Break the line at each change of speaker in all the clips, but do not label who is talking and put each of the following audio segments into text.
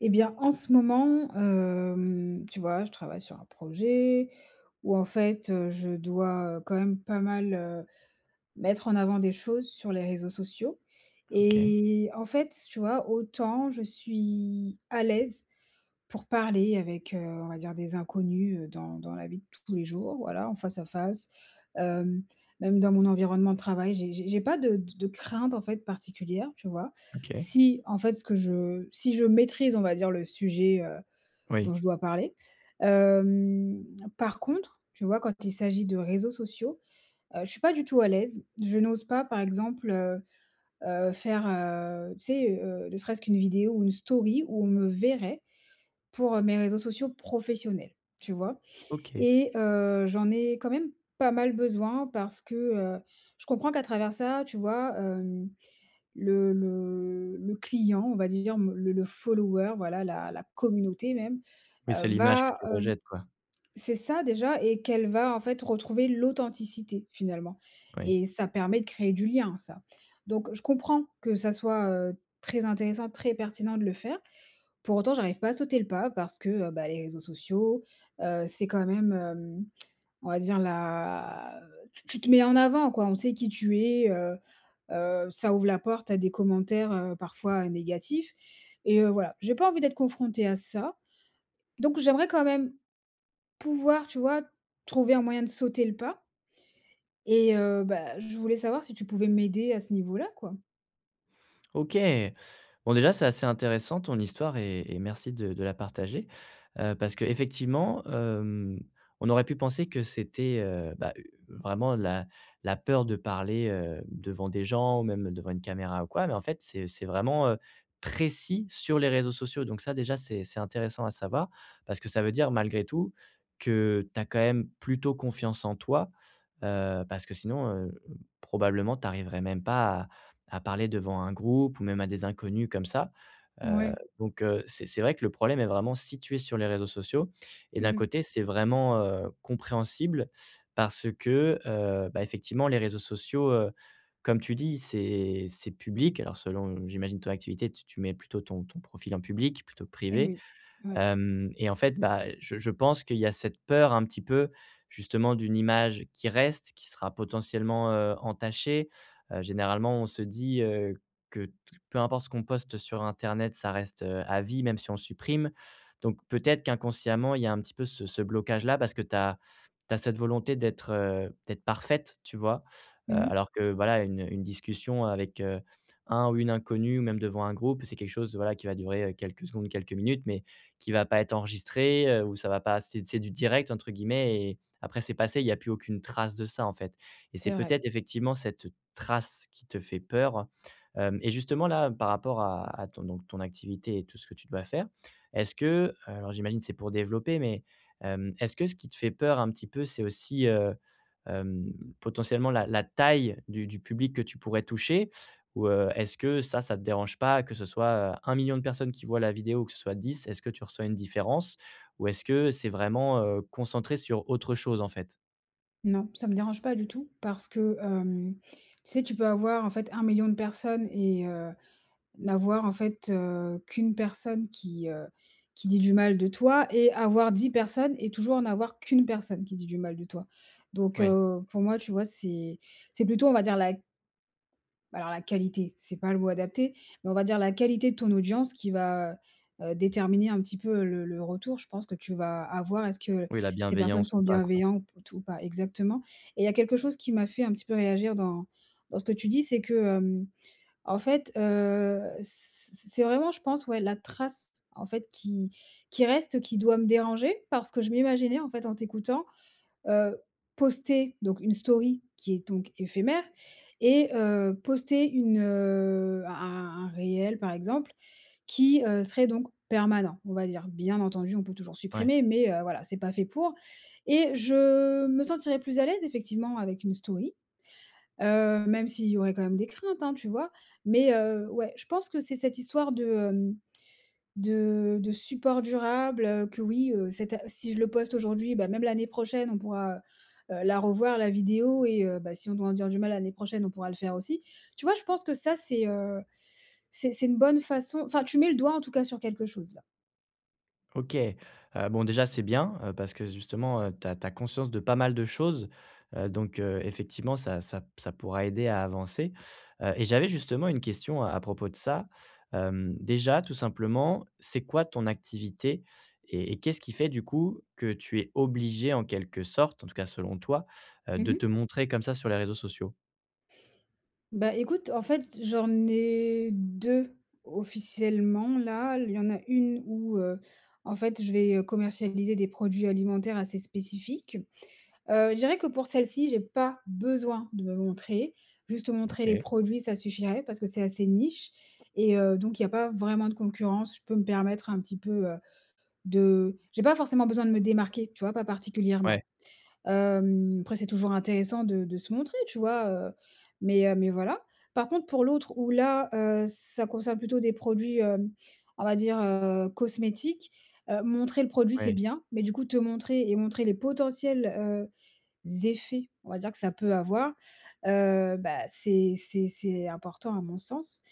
Et bien, en ce moment, hem, tu vois, je travaille sur un projet où, en fait, heu, je dois, heu, quand même pas mal, heu, mettre en avant des choses sur les réseaux sociaux
OK.
et en fait, tu vois, autant je suis à l'aise pour parler avec, heu, on va dire des inconnus, heu, dans dans la vie de tous les jours, voilà, en face à face. Hem, même dans mon environnement de travail, j'ai j'ai j'ai pas de d de craintes, en fait, particulières, tu vois?
OK.
Si, en fait, ce que je si je maîtrise, on va dire, le sujet, heu, dont
Oui.
je dois parler. Hem, par contre, tu vois, quand il s'agit de réseaux sociaux, heu, je suis pas du tout à l'aise. Je n'ose pas, par exemple, heu heu, faire, heu, tu sais, heu, ne serait-ce qu'une vidéo ou une story où on me verrait pour, heu, mes réseaux sociaux professionnels, tu vois?
OK.
Et heu, j'en ai quand même pas mal besoin parce que, heu, je comprends qu'à travers ça, tu vois, hem, le le le client, on va dire, m le le follower, voilà, la la communauté même,
Oui,
heu,
c'est l'image que
va,
tu
heu
rejettes, quoi.
c'est ça, déjà, et qu'elle va, en fait, retrouver l'authenticité finalement
Oui.
et ça permet de créer du lien, ça. Donc, je comprends que ça soit, heu, très intéressant, très pertinent de le faire. Pour autant, j'arrive pas à sauter le pas parce que, heu, bah, les réseaux sociaux, heu, c'est quand même, hem, on va dire la tu tu te mets en avant, quoi. On sait qui tu es, heu heu, ça ouvre la porte à des commentaires, heu, parfois négatifs et heu, voilà, j'ai pas envie d'être confrontée à ça. Donc j'aimerais quand même pouvoir, tu vois, trouver un moyen de sauter le pas et heu, bah, je voulais savoir si tu pouvais m'aider à ce niveau là, quoi?
OK. Bon déjà c'est assez intéressant ton histoire et et merci de de la partager. Heu, parce qu'effectivement, hem, on aurait pu penser que c'était, heu, bah, vraiment la la peur de parler, heu, devant des gens ou même devant une caméra ou quoi, mais en fait c'est c'est vraiment, heu, précis sur les réseaux sociaux donc ça déjà c'est c'est intéressant à savoir parce que ça veut dire, malgré tout, que tu as quand même plutôt confiance en toi. Heu, parce que sinon, heu, probablement tu arriverais même pas à à parler devant un groupe ou même à des inconnus comme ça. Heu,
Ouais.
donc, heu, c'est c'est vrai que le problème est vraiment situé sur les réseaux sociaux et d'un
Mmh mh.
côté, c'est vraiment, heu, compréhensible parce que, heu, ben, effectivement les réseaux sociaux, heu, comme tu dis, c'est c'est public alors selon j'imagine ton activité, tu tu mets plutôt ton ton profil en public plutôt que
Et
privé.
oui, ouais.
Hem et en fait, bah, je je pense qu'il y a cette peur un petit peu, justement, d'une image qui reste, qui sera potentiellement, heu, entachée. Heu, généralement, on se dit, heu, que t peu importe ce qu'on poste sur internet, ça reste, heu, à vie, même si on supprime, donc peut-être qu'inconsciemment, il y a un petit peu ce ce blocage là parce que tu as tu as cette volonté d'être, heu, d'être parfaite, tu vois? Heu,
Mmh mh.
alors que, voilà, une une discussion avec, heu, un ou une inconnue, ou même devant un groupe, c'est quelque chose, voilà, qui va durer, heu, quelques secondes, quelques minutes, mais qui va pas être enregistré. Heu, ou ça va pas c'est c'est «du direct» entre guillemets et après c'est passé, il n'y a plus aucune trace de ça en fait et c'est
C'est vrai.
peut-être, effectivement, cette trace qui te fait peur. Hem et justement, là, par rapport à à ton donc ton activité et tout ce que tu dois faire. Est-ce que alors, j'imagine, c'est pour développer, mais, hem, est-ce que ce qui te fait peur un petit peu, c'est aussi, heu, hem, potentiellement la la taille du du public que tu pourrais toucher? Ou, heu, est-ce que ça ça te dérange pas que ce soit, heu, 1 million de personnes qui voient la vidéo ou que ce soit 10, est-ce que tu reçois une différence? Ou est-ce que c'est vraiment, heu, concentré sur autre chose en fait?
Non, ça me dérange pas du tout parce que, hem, tu sais, tu peux avoir en fait 1000000 de personnes et heu, n'avoir en fait, heu, qu'une personne qui, heu, qui dit du mal de toi et avoir 10 personnes et toujours n'avoir qu'une personne qui dit du mal de toi. Donc,
Oui.
heu, pour moi tu vois, c'est c'est plutôt on va dire la bah, alors la qualité, c'est pas le mot adapté, mais on va dire la qualité de ton audience qui va, heu, heu, déterminer un petit peu, heu, le le retour. Je pense que tu vas avoir est-ce que
Oui, la
ces personnes
bienveillance ou
sont
pas quoi.
bienveillant p t ou pas exactement et il y a quelque chose qui m'a fait un petit peu réagir dans dans ce que tu dis, c'est que, hem, en fait, heu, c c c c'est vraiment je pense, ouais, la trace en fait qui qui reste qui doit me déranger. Parce que je m'imaginais en fait en t'écoutant, heu, poster donc une story qui est donc éphémère et heu, poster une, heu, un un un réel par exemple, qui, heu, serait donc permanent, on va dire. Bien entendu, on peut toujours
Ouais.
supprimer, mais, heu, voilà, c'est pas fait pour et je me sentirais plus à l'aise effectivement avec une story. Heu, même s'il y aurait quand même des craintes, hein, tu vois? Mais, heu, ouais, je pense que c'est cette histoire de, hem, de de support durable, heu, que oui, heu, c'est ta si je le poste aujourd'hui, ben même l'année prochaine, on pourra, heu, heu, la revoir la vidéo et heu, bah, si on doit en dire du mal l'année prochaine, on pourra le faire aussi. Tu vois, je pense que ça, c'est, heu, c'est c'est une bonne façon enfin, tu mets le doigt en tout cas sur quelque chose là.
OK, heu, bon, déjà c'est bien, heu, parce que s justement, heu, tu as tu as conscience de pas mal de choses. Heu, donc, heu, effectivement ça ça p ça pourra aider à avancer. Heu et j'avais justement une question à propos de ça. Hem, déjà tout simplement, c'est quoi ton activité? Et et qu'est-ce qui fait du coup que tu es obligée en quelque sorte, en tout cas selon toi, heu,
Mmh
de
mh.
te montrer comme ça sur les réseaux sociaux?
Bah, écoute, en fait, j'en ai 2 officiellement là, l il y en a 1 où, heu, en fait, je vais, heu, commercialiser des produits alimentaires assez spécifiques. Heu, je dirais que pour celle-ci, j'ai pas besoin de me montrer, juste montrer les
OK.
produits, ça suffirait. Parce que c'est assez niche et heu, donc il y a pas vraiment de concurrence, je peux me permettre un petit peu, heu, de j'ai pas forcément besoin de me démarquer, tu vois? Pas
Ouais.
particulièrement. Hem, après, c'est toujours intéressant de de se montrer, tu vois? Heu, mais, heu, mais voilà. Par contre, pour l'autre où là, heu, ça concerne plutôt des produits, hem, on va dire, heu, cosmétiques, heu, montrer le produit, c'est
Ouais.
bien. Mais du coup, te montrer et montrer les potentiels, heu, z effets, on va dire que ça peut avoir, heu, bah, c'est c'est c'est important à mon sens.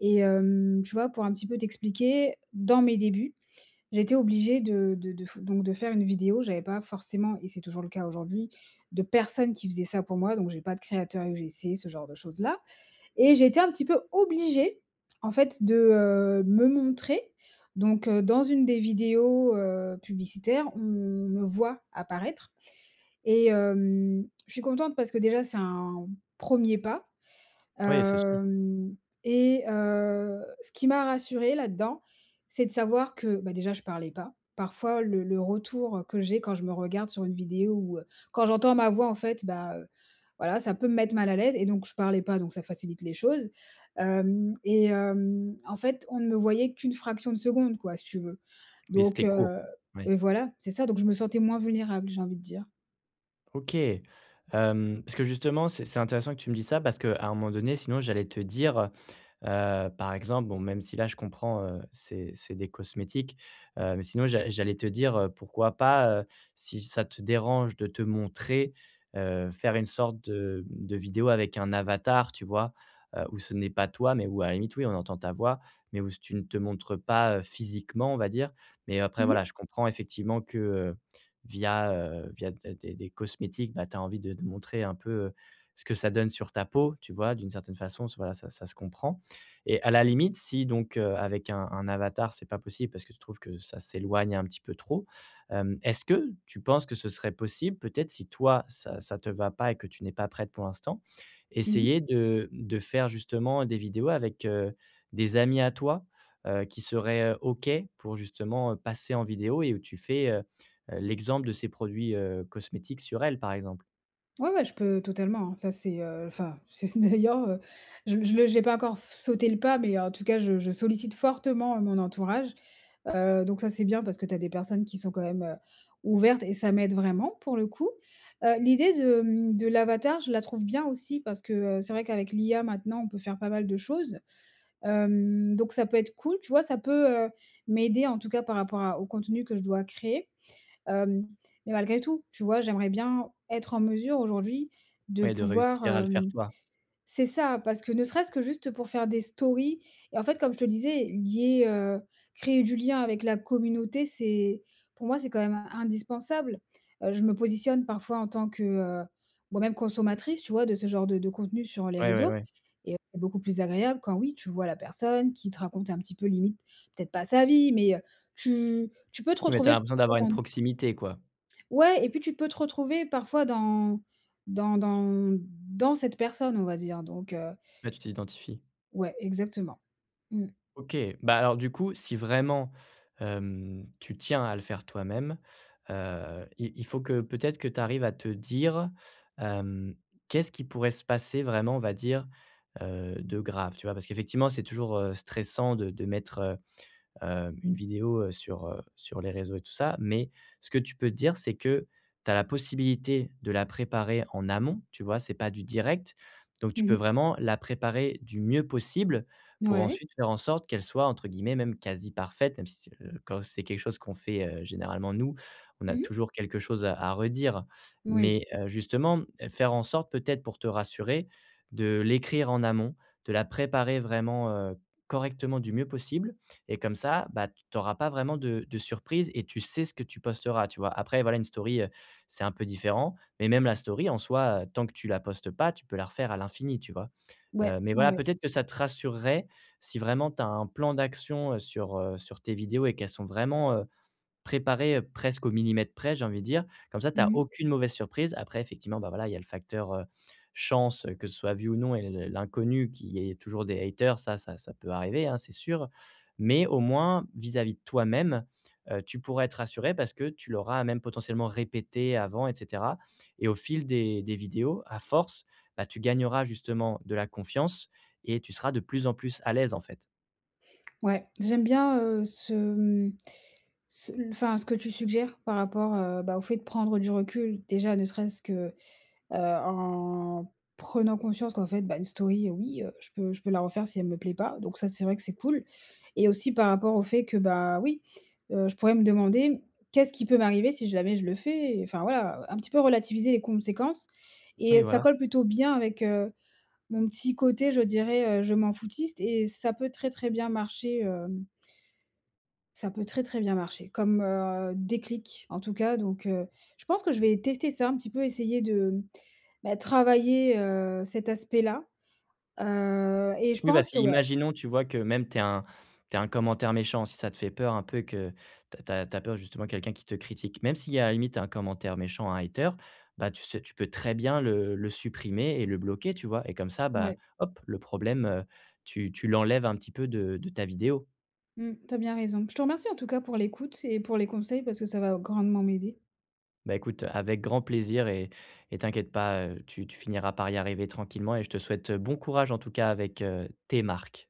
Et hem, tu vois pour un petit peu t'expliquer, dans mes débuts, j'étais obligée de de de f donc de faire une vidéo, j'avais pas forcément et c'est toujours le cas aujourd'hui, de personne qui faisait ça pour moi. Donc j'ai pas de créateur UGC ce genre de choses là et j'ai été un petit peu obligée en fait, de, heu, me montrer, donc, heu, dans une des vidéos, heu, publicitaires, on me voit apparaître et hem, je suis contente parce que déjà, c'est un 1er pas,
Ouais, c'est sûr.
hem et heu, ce qui m'a rassurée là-dedans, c'est de savoir que, bah, déjà, je parlais pas. Parfois, le le retour, heu, que j'ai quand je me regarde sur une vidéo ou, heu, quand j'entends ma voix, en fait, bah, heu, voilà, ça peut me mettre mal à l'aise et donc, je parlais pas, donc ça facilite les choses. Hem et hem, en fait, on ne me voyait qu'une fraction de seconde quoi, si tu veux.
Oui,
Donc,
c'était court,
heu
oui.
et voilà, c'est ça. Donc je me sentais moins vulnérable, j'ai envie de dire.
OK. Hem, parce que justement, c'est c'est intéressant que tu me dises ça, parce qu'à un moment donné, sinon j'allais te dire, heu, par exemple, bon, même si là je comprends, heu, c'est c'est des cosmétiques, heu, mais sinon j'a j'allais te dire, heu, pourquoi pas, heu, si ça te dérange de te montrer, heu, faire une sorte de de vidéo avec un avatar, tu vois? Heu, où ce n'est pas toi, mais où à la limite oui, on entend ta voix, mais où c tu ne te montres pas physiquement, on va dire, mais après
Mmh
voilà,
mh.
je comprends effectivement que via, heu, via d des des cosmétiques, bah, tu as envie de de montrer un peu ce que ça donne sur ta peau, tu vois? D'une certaine façon, voilà, ça ça se comprend, et à la limite, si donc heu, avec un un avatar, c'est pas possible parce que tu trouves que ça s'éloigne un petit peu trop. Hem, est-ce que tu penses que ce serait possible peut-être, si toi ça ça te va pas et que tu n'es pas prête pour l'instant,
Mmh mh.
essayer de de faire justement des vidéos avec, heu, des amis à toi, heu, qui seraient OK pour justement passer en vidéo et où tu fais, heu, l'exemple de ces produits, heu, cosmétiques sur elle, par exemple?
Ouais ouais, je peux totalement, hein. Ça, c'est, heu enfin, si ce n'est d'ailleurs, heu, je m je le j'ai pas encore f sauté le pas, mais en tout cas, je je sollicite fortement, mon entourage. Heu, donc ça, c'est bien parce que tu as des personnes qui sont quand même, heu, ouvertes et ça m'aide vraiment, pour le coup. Heu, l'idée de, hem, de l'avatar, je la trouve bien aussi parce que, heu, c'est vrai qu'avec l'IA maintenant, on peut faire pas mal de choses. Hem, donc ça peut être cool, tu vois? Ça peut, heu, m'aider en tout cas par rapport à au contenu que je dois créer. Hem, mais malgré tout, tu vois, j'aimerais bien être en mesure aujourd'hui de
Ouais, de
pouvoir,
réussir à le faire
hem
toi.
c'est ça! Parce que ne serait-ce que juste pour faire des stories et en fait, comme je te disais, lier, heu créer du lien avec la communauté, c'est pour moi, c'est quand même indispensable. Heu, je me positionne parfois en tant que, heu, moi même consommatrice, tu vois, de ce genre de de contenus sur les
Ouais, ouais
réseaux
ouais.
et heu, c'est beaucoup plus agréable quand oui, tu vois la personne qui te raconte un petit peu limite, peut-être pas sa vie, mais, heu, tu tu peux te
Oui, mais tu as
retrouver.
l'impression d'avoir une
[unintelligible]
proximité, quoi.
Ouais, et puis tu peux te retrouver parfois dans dans dans mmh, dans cette personne, on va dire donc, heu
Ouais, tu t'identifies.
Ouais, exactement. Mmh.
OK, bah, alors du coup, si vraiment, hem, tu tiens à le faire toi-même, heu, i il faut que peut-être que tu arrives à te dire, hem: «Qu'est-ce qui pourrait se passer vraiment on va dire, heu, de grave?» Tu vois? Parce qu'effectivement, c'est toujours, heu, stressant de de mettre, heu, heu, une vidéo, heu, sur, heu sur les réseaux et tout ça, mais ce que tu peux te dire, c'est que tu as la possibilité de la préparer en amont, tu vois, c'est pas du direct. Donc
Mmh
tu peux
mh.
vraiment la préparer du mieux possible,
N
pour
ouais.
ensuite faire en sorte qu'elle soit entre guillemets même «quasi parfaite», même si, c'est quand c'est quelque chose qu'on fait, heu, généralement nous, on a
Mmh mh.
toujours quelque chose à à redire.
Moui.
Mais, heu, justement, mmh, faire en sorte peut-être pour te rassurer, de l'écrire en amont, de la préparer vraiment, heu, correctement du mieux possible et comme ça, bah, t tu auras pas vraiment de de surprise et tu sais ce que tu posteras, tu vois? Après voilà, une story, heu, c'est un peu différent, mais même la story, en soi, heu, tant que tu la postes pas, tu peux la refaire à l'infini, tu vois? Heu,
Ouais.
mais
Ouais,
voilà,
ouais.
peut-être que ça te rassurerait, si vraiment tu as un plan d'action, heu, sur, heu sur tes vidéos et qu'elles sont vraiment, heu, préparées, heu, presque au millimètre près, j'ai envie de dire, comme ça tu
Mmh
as
mh.
aucune mauvaise surprise. Après effectivement, bah, voilà, il y a le facteur, heu, chance, que ce soit vu ou non et l l l'inconnu qu'il y ait toujours des haters ça ça ça peut arriver, hein, c'est sûr. Mais au moins, vis-à-vis de toi-même, heu, tu pourras être rassurée parce que tu l'auras même potentiellement répétée avant et cetera. Et au fil des des vidéos, à force, bah, tu gagneras justement de la confiance et tu seras de plus en plus à l'aise, en fait.
Ouais, j'aime bien, heu, ce, mmh, ce l enfin ce que tu suggères par rapport, heu, bah, au fait de prendre du recul. Déjà, ne serait-ce que, heu, en prenant conscience qu'en fait, bah, une story, heu, oui, heu, je peux je peux la refaire si elle me plaît pas, donc ça, c'est vrai que c'est cool, et aussi par rapport au fait que, bah, oui, heu, je pourrais me demander: «Qu'est-ce qui peut m'arriver si jamais je le fais?» et, enfin, voilà, heu, un petit peu relativiser les conséquences, et
Oui,
heu, ça
voilà.
colle plutôt bien avec, heu, mon petit côté, je dirais, heu, je m'en foutiste et ça peut très, très bien marcher, hem ça peut très, très bien marcher. Comme, heu, déclic en tout cas, donc heu, je pense que je vais tester ça un petit peu, essayer de, mmh, bah, travailler, heu, cet aspect-là. Heu, et je
Oui, parce
pense que, ouais
qu'imaginons, tu vois, que même tu aies un tu aies un commentaire méchant, si ça te fait peur un peu et que tu as tu as tu as peur justement, quelqu'un qui te critique. Même s'il y a, à la limite 1 commentaire méchant, un hater. Bah, tu ce tu peux très bien le le supprimer, et le bloquer, tu vois? Et comme ça, bah,
Ouais.
hop, le problème, heu, tu tu l'enlèves un petit peu de de ta vidéo.
Mmh, tu as bien raison. Je te remercie, en tout cas, pour l'écoute et pour les conseils, parce que ça va grandement m'aider.
Bah, écoute, heu, avec grand plaisir, et et t'inquiète pas, heu, tu tu finiras par y arriver tranquillement, et je te souhaite, heu, bon courage en tout cas avec, heu, tes marques.